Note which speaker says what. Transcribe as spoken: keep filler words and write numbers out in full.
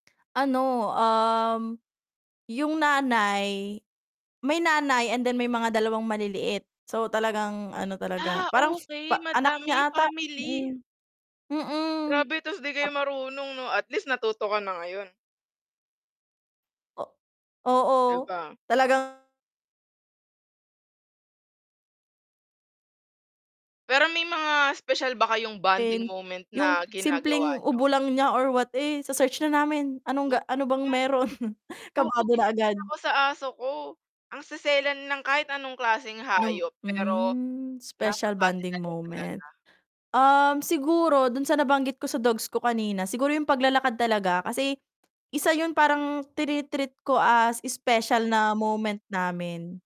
Speaker 1: Ano, um, yung nanay may nanay and then may mga dalawang maliliit so talagang ano talaga,
Speaker 2: Ah,
Speaker 1: parang
Speaker 2: okey,
Speaker 1: pa anak niya
Speaker 2: madami
Speaker 1: ata,
Speaker 2: family.
Speaker 1: mm. Mm.
Speaker 2: Grabe tas 'di kayo
Speaker 1: Ap
Speaker 2: marunong 'no? At least natuto ka na ngayon.
Speaker 1: o
Speaker 2: 'Di
Speaker 1: oo,
Speaker 2: ba?
Speaker 1: talagang.
Speaker 2: Pero may mga espesyal ba kayong bonding
Speaker 1: Pin
Speaker 2: moment
Speaker 1: yung
Speaker 2: na ginagawa
Speaker 1: simpleng
Speaker 2: niyo?
Speaker 1: ubo lang niya or what, eh, se-search na namin anong
Speaker 2: O kaya
Speaker 1: ga ano bang mayro'n?
Speaker 2: Oo,
Speaker 1: kabado na
Speaker 2: gan'yan din
Speaker 1: agad.
Speaker 2: ako sa aso ko, ang seselan lang, kahit anong klaseng
Speaker 1: Nom
Speaker 2: hayop pero
Speaker 1: mhm,
Speaker 2: nasa
Speaker 1: special
Speaker 2: sa atin na
Speaker 1: bonding
Speaker 2: rin
Speaker 1: moment,
Speaker 2: talaga.
Speaker 1: um, siguro do'n sa nabanggit ko sa dogs ko kanina siguro yung paglalakad talaga kasi, isa 'yun parang trini-treat ko as special na moment namin.